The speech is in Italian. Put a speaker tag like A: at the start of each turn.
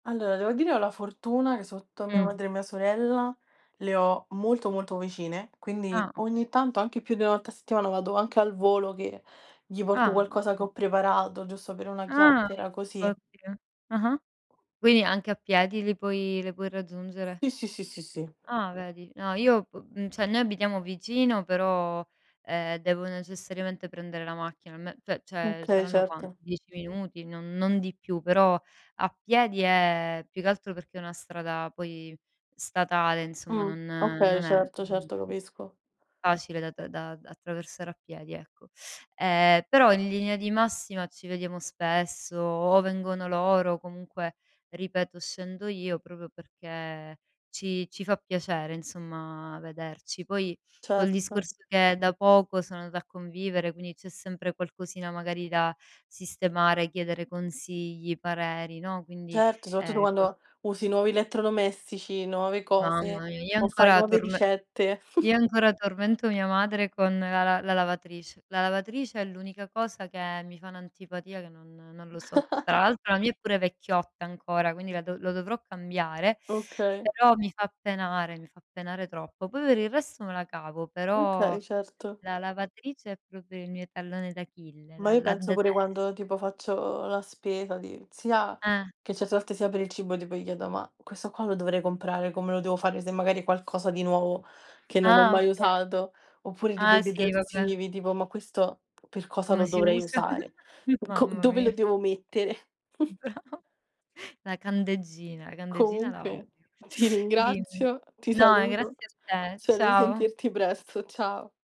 A: Allora devo dire ho la fortuna che sotto, mia
B: Mh.
A: madre e mia sorella le ho molto, molto vicine,
B: Ah,
A: quindi
B: oka
A: ogni tanto anche più di 1 volta a settimana vado anche al volo che gli porto
B: Ah
A: qualcosa che
B: oka
A: ho preparato giusto per una
B: Ah
A: chiacchiera così.
B: ottimo, ah-ah. Quindi anche a piedi li puoi le puoi raggiungere?
A: Sì, sì, sì, sì, sì.
B: Ah vedi. No, io p mhmm, cioè, noi abitiamo vicino però, ehm, devo necessariamente prendere la macchina, ne pe cioè,
A: Okay,
B: saranno quanto,
A: certo.
B: 10 minuti, non non di più, però a piedi è più che altro perché è una strada poi statale insomma,
A: Mh,
B: non
A: okay,
B: non è
A: certo,
B: mhmm
A: certo, capisco.
B: facile da da attraversare a piedi, ecco. Ehm, però in linea di massima ci vediamo spesso o vengono loro o comunque ripeto scendo io proprio perché ci ci fa piacere insomma vederci. Poi col
A: Certo.
B: discorso che da poco sono andata a convivere, quindi c'è sempre qualcosina magari da sistemare, chiedere consigli, pareri, no. Quindi
A: Certo, soprattu
B: ehm, cos
A: quando usi nuovi elettrodomestici, nuove
B: Mamma
A: cose
B: mia, io
A: o fai
B: ancora
A: nuove
B: torme
A: ricette.
B: io ancora tormento mia madre con la la la lavatrice. La lavatrice è l'unica cosa che mi fa un'antipatia che non non lo so. Tra l'altro la mia è pure vecchiotta ancora, quindi la dov lo dovrò cambiare,
A: Okay.
B: però mi fa penare mi fa penare troppo. Poi, per il resto me la cavo, però
A: Okay, certo.
B: la lavatrice è proprio il mio tallone d'Achille,
A: Ma
B: la
A: io
B: la
A: penso pure
B: detes
A: quando tipo faccio la spesa di sia
B: Eh.
A: che certe volte sia per il cibo tipo, gli chiedo: "Ma questo qua lo dovrei comprare, come lo devo fare?" Se magari qualcosa di nuovo che non ho
B: Ah
A: mai
B: oka
A: usato oppure tipo
B: Ah,
A: i
B: sì va be
A: detersivi tipo: "Ma questo per cosa
B: Come
A: lo
B: si
A: dovrei
B: usa?
A: usare? Co
B: Mamma
A: dove lo
B: mia.
A: devo mettere?"
B: Brava. La candeggina, la candeggina la odio
A: Comunque ti
B: dimmi.
A: ringrazio, ti
B: No, ehm,
A: saluto.
B: grazie a te.
A: Spero di
B: Ciao.
A: sentirti presto. Ciao.